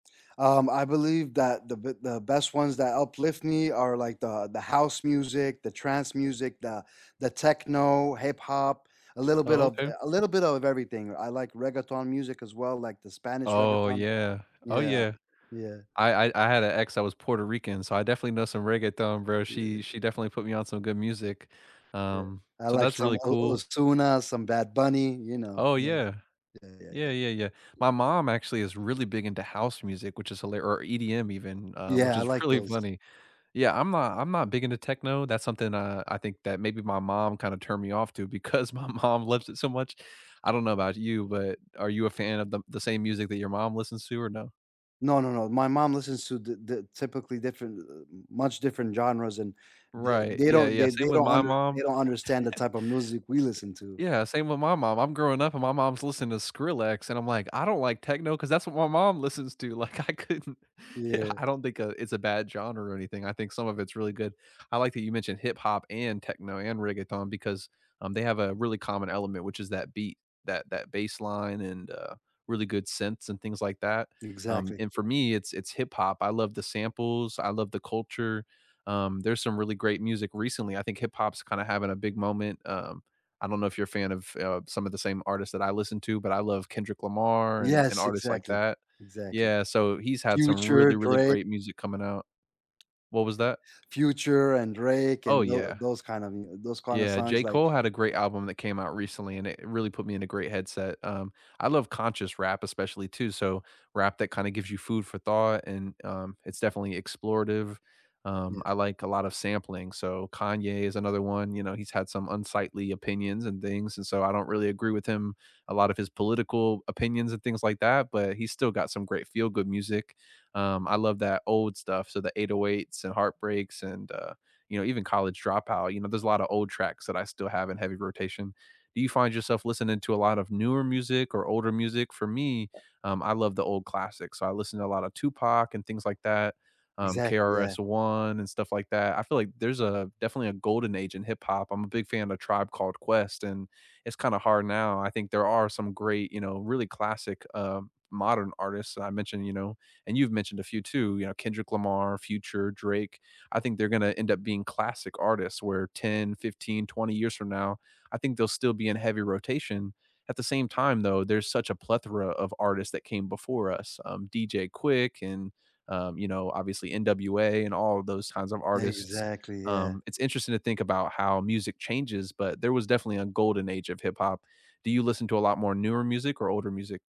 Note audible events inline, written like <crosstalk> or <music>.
Um, I believe that the b the best ones that uplift me are like the the house music, the trance music, the the techno, hip-hop, a little bit Oh, of okay. a little bit of everything, I like reggaeton music as well, like the Spanish Oh, reggaeton. yeah. Oh, Yeah, yeah. yeah. I I I had a ex that was Puerto Rican, so I definitely know some reggaeton, bro, Yeah. she she definitely put me on some good music, Yeah, um, I so like that's some really O cool Ozuna, some Bad Bunny, you know, Oh, those. yeah. Yeah, yeah, Yeah, yeah. yeah, yeah. My mom actually is really big into house music, which is hila or EDM even, uh, which Yeah, I is like really those. funny, yeah, I'm not I'm not big into techno, that's something, uh, I think that maybe my mom kinda turned me off to because my mom loves it so much, I don't know about you, but are you a fan of the the same music that your mom listens to or no? No, no, no. My mom listens to the the typically different, th much different genres, and th Right. they Yeah, don't yeah, they same they with don't my under mom, they don't <laughs> understand the type of music we listen to. i yeah, same with my mom, I'm growing up and my mom's listening to Skrillex, and I'm like, "I don't like techno 'cause that's what my mom listens to," like, I couldn't Yeah, Yeah. I don't think, uh, it's a bad genre or anything, I think some of it's really good. I like that you mentioned hip-hop and techno and reggaeton because, um, they have a really common element, which is that beat, that that bass line and, uh, really good synths and things like that, um, Exactly. and for me it's it's hip-hop, I love the samples, I love the culture, um, there's some really great music recently, I think hip-hop's kinda having a big moment, um, I don't know if you're a fan of, eh, uh, some of the same artists that I listen to, but I love Kendrick Lamar and and Yes, artists like exactly, that. exactly. Yeah, so he's had some Future, really, really Drake. great music coming out. Yeah. What was that? Future and Drake Oh, and tho yeah. those kinda mu those kinda Yeah, songs, J. like Cole had a great Right. album that came out recently, and it really put me in a great headset, um, I love conscious rap especially too, so rap that kinda gives you food for thought and, um, it's definitely explorative, Yeah. um, I like a lot of sampling, so Kanye is another one, you know, he's had some unsightly opinions and things, and so I don't really agree with him, a lot of his political opinions and things like that, but he's still got some great feel-good music, um, I love that old stuff, so the 808s and Heartbreaks and, uh, you know, even College Dropout, you know, there's a lotta old tracks that I still have in heavy rotation. Do you find yourself listening to a lot of newer music or older music? For me, um, I love the old classics, so I listen to a lot of Tupac and things like that, um, Exactly, yeah. KRS-One and stuff like that, I feel like there's a definitely a golden age in hip-hop. I'm a big fan of Tribe Called Quest, and it's kinda hard now, I think there are some great, you know, really classic, um, modern artists that I mentioned, you know, and you've mentioned a few too, you know, Kendrick Lamar, Future, Drake. I think they're gonna end up being classic artists, where 10, 15, 20 years from now, I think they'll still be in heavy rotation, at the same time, though, there's such a plethora of artists that came before us, um, DJ Quick and, um, you know, obviously NWA and all of those kinds of artists, Exactly, yeah. um, it's interesting to think about how music changes, but there was definitely a golden age of hip-hop. Do you listen to a lot more newer music or older music?